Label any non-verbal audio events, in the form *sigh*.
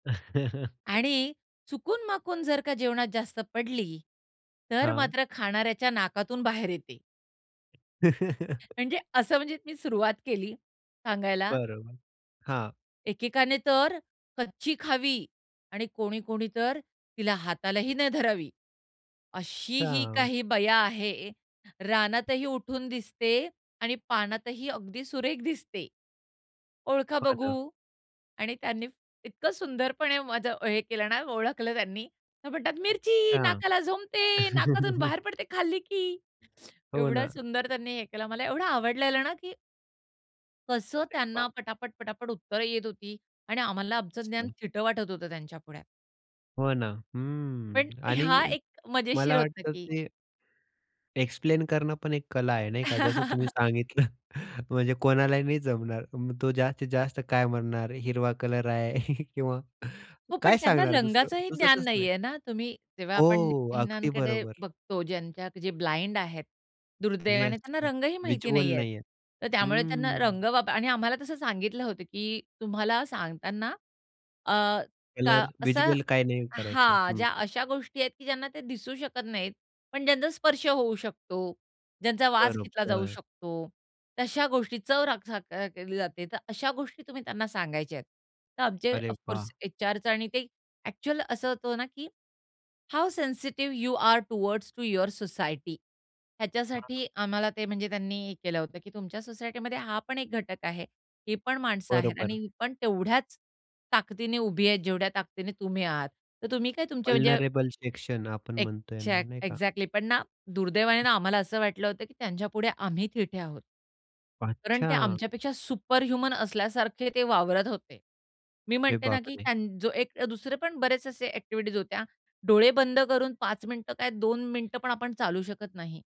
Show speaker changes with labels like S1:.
S1: *chuckles*
S2: आणि चुकूनमाकून जर का जेवणात जास्त पडली तर
S1: हां.
S2: मात्र खाणाऱ्याच्या नाकातून बाहेर येते.
S1: *chuckles*
S2: म्हणजे असं म्हणजे मी सुरुवात केली सांगायला.
S1: बरोबर, हां.
S2: एकेकाने तर कच्ची खावी आणि कोणी-कोणी तर तिला हातालाही नाही धरावी. अशीही
S1: हां.
S2: काही बया आहे, रानातही उठून दिसते आणि पानातही अगदी सुरेख दिसते. ओळखा
S1: हां ना.
S2: बघू? आणि त्यांनी इतकं सुंदरपणे माझं हे केलं ना ओळखलं त्यांनी. तर म्हणतात, "मिरची!
S1: अच्छा.
S2: नाकाला झोंबते, नाकातून
S1: *chuckles*
S2: बाहेर पडते खाल्ली की"
S1: हो
S2: एवढं
S1: ना.
S2: सुंदर त्यांनी हे केलं. मला एवढं आवडलेलं ना की कसं
S1: अरे
S2: त्यांना
S1: वाह!
S2: पटापट-पटापट उत्तरं येत होती आणि आम्हाला आमचं ज्ञान
S1: मस्त.
S2: थिटं वाटत होतं त्यांच्यापुढे.
S1: हो ना,
S2: पण
S1: हं आणि
S2: हा एक मजेशीर
S1: मला
S2: होतं
S1: वाटतं
S2: की
S1: ते एक्सप्लेन करणं पण एक कला आहे, नाही का, जसं तुम्ही
S2: *chuckles*
S1: सांगितलं. म्हणजे कोणालाही नाही जमणार. म तो जास्तीत जास्त काय म्हणणार हिरवा कलर आहे *giggles* किंवा
S2: हो पण
S1: काय
S2: त्यांना
S1: सांगणार दुसरं
S2: रंगांचेही ज्ञान
S1: सुचतच नाही.
S2: नाहीये ना, तुम्ही जेव्हा आपण
S1: हो, अगदी
S2: नेत्रहीनांकडे
S1: बरोबर.
S2: बघतो ज्यांच्या जे ब्लाइंड आहेत, दुर्दैवाने
S1: येस
S2: त्यांना रंगही माहिती
S1: व्हिज्युअल
S2: नाहीयेत.
S1: नाहीये.
S2: तर त्यामुळे त्यांना
S1: हम्म.
S2: रंग वाप आणि आम्हाला तसं सांगितलं होतं, की तुम्हाला सांगताना अ, का
S1: कलर
S2: असा
S1: व्हिज्युअल काही नाही करायचं.
S2: हां,
S1: हं,
S2: ज्या
S1: हं.
S2: अशा गोष्टी आहेत की ज्यांना ते दिसू शकत नाहीत, पण ज्यांचा स्पर्श होऊ शकतो, ज्यांचा वास घेतला जाऊ
S1: बरोबर.
S2: शकतो. तशा गोष्टींची चव रख चख अ, घेतली जाते, तर अशा गोष्टी तुम्ही त्यांना सांगायच्या आहेत. तर आमचे
S1: अरे
S2: ऑफ कोर्स
S1: वाह!
S2: एचआरचं आणि ते ॲक्चुअल असं होतं ना की how sensitive you are towards to your society
S1: हां.
S2: ह्याच्यासाठी आम्हाला ते म्हणजे त्यांनी हे केलं होतं की तुमच्या सोसायटीमध्ये हा पण एक घटक आहे, ही पण माणसं आहेत आणि
S1: बरोबर.
S2: ही पण तेवढ्याच ताकदीने उभी आहेत, जेवढ्या ताकदीने तुम्ही आहात. तर तुम्ही काय तुमच्या म्हणजे
S1: वल्नरेबल सेक्शन आपण म्हणतो यांना,
S2: एक्झॅक्ट
S1: नाही का?
S2: एक्झॅक्टली, पण ना दुर्दैवाने
S1: हं.
S2: ना आम्हाला असं वाटलं होतं की त्यांच्यापुढे आम्ही थिटे आहोत. कारण ते
S1: अच्छा.
S2: आमच्यापेक्षा सुपरह्युमन असल्यासारखे ते वावरत होते. मी
S1: अरे
S2: म्हणते ना की
S1: बापरे!
S2: त्यांन जो एक अ, दुसरे पण बरेचसे असे ॲक्टिव्हिटीज होत्या. डोळे बंद करून 5 मिनिटं काय, 2 मिनिटं पण आपण चालू शकत नाही.